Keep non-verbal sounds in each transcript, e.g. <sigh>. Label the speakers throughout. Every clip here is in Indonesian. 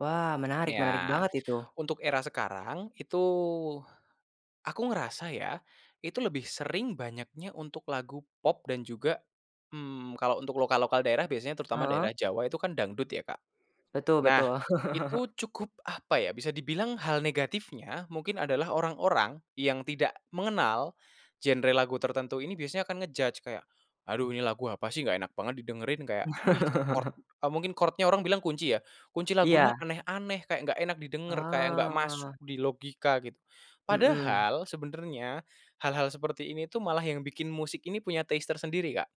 Speaker 1: Wah! Menarik menarik
Speaker 2: Iya,
Speaker 1: banget, itu.
Speaker 2: untuk era sekarang itu, aku ngerasa ya, Itu lebih sering banyaknya, untuk lagu pop dan juga, mmm, kalau untuk lokal-lokal daerah, biasanya terutama
Speaker 1: Heeh.
Speaker 2: daerah Jawa itu kan dangdut ya, Kak?
Speaker 1: Betul
Speaker 2: Nah,
Speaker 1: betul. <laughs>
Speaker 2: itu cukup apa ya, bisa dibilang hal negatifnya, mungkin adalah orang-orang yang tidak mengenal genre lagu tertentu ini, biasanya akan ngejudge. Kayak, "aduh ini lagu apa sih? Nggak enak banget didengerin." Kayak, ih chord eee, mungkin chord-nya orang bilang kunci ya? Kunci lagunya
Speaker 1: Iya.
Speaker 2: aneh-aneh, kayak gak enak didenger, kayak nggak masuk
Speaker 1: Oh.
Speaker 2: di logika gitu.
Speaker 1: Mhm.
Speaker 2: Padahal sebenarnya, hal-hal seperti ini tuh, malah yang bikin musik ini punya taste tersendiri, Kak.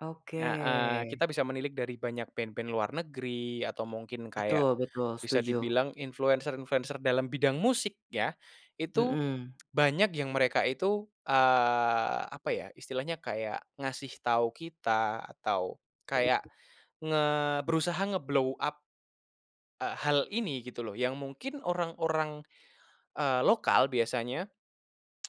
Speaker 1: Oke.
Speaker 2: Heeh, kita bisa menilik dari banyak band-band luar negeri, atau mungkin kayak
Speaker 1: Betul betul,
Speaker 2: bisa
Speaker 1: setuju.
Speaker 2: dibilang influencer-influencer dalam bidang musik, ya. Itu,
Speaker 1: Mhm.
Speaker 2: <clicks tongue> banyak yang mereka itu, eee, apa ya, Istilahnya kayak, ngasih tau kita atau kayak, nge berusaha ngeblow up, eee, hal ini, gitu loh. Yang mungkin orang-orang, eee, lokal biasanya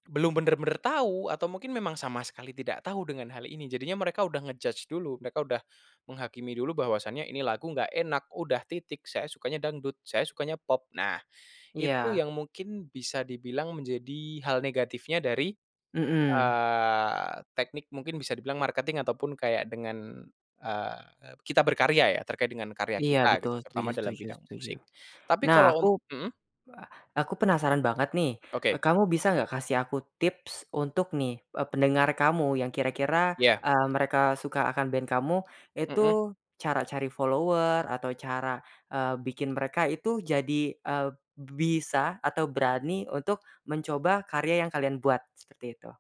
Speaker 2: belum bener-bener tahu, atau mungkin memang sama sekali tidak tahu dengan hal ini. Jadinya mereka udah ngejudge dulu. Mereka udah menghakimi dulu, bahwasanya ini lagu nggak enakm udah titik. Saya sukanya dangdut, saya sukanya pop. Nah, itu
Speaker 1: Iya.
Speaker 2: yang mungkin bisa dibilang menjadi hal negatifnya dari,
Speaker 1: Mhm.
Speaker 2: eee, teknik, mungkin bisa dibilang marketing, ataupun kayak dengan, eee, kita berkarya ya, terkait dengan karya
Speaker 1: Iya,
Speaker 2: kita,
Speaker 1: betul
Speaker 2: gitu.
Speaker 1: setuju
Speaker 2: Terutama dalam
Speaker 1: setuju
Speaker 2: bidang
Speaker 1: setuju.
Speaker 2: musik. Tapi
Speaker 1: Nah,
Speaker 2: kalau
Speaker 1: aku
Speaker 2: un heeh?
Speaker 1: aku penasaran banget nih,
Speaker 2: Oke.
Speaker 1: kamu bisa nggak kasih aku tips untuk nih, eee, pendengar kamu, yang kira-kira,
Speaker 2: Ya.
Speaker 1: eee, mereka suka akan band kamu. Itu,
Speaker 2: Mhm.
Speaker 1: cara cari follower, atau cara, eee, bikin mereka itu jadi, eee, bisa atau berani untuk mencoba karya yang kalian buat? Seperti itu.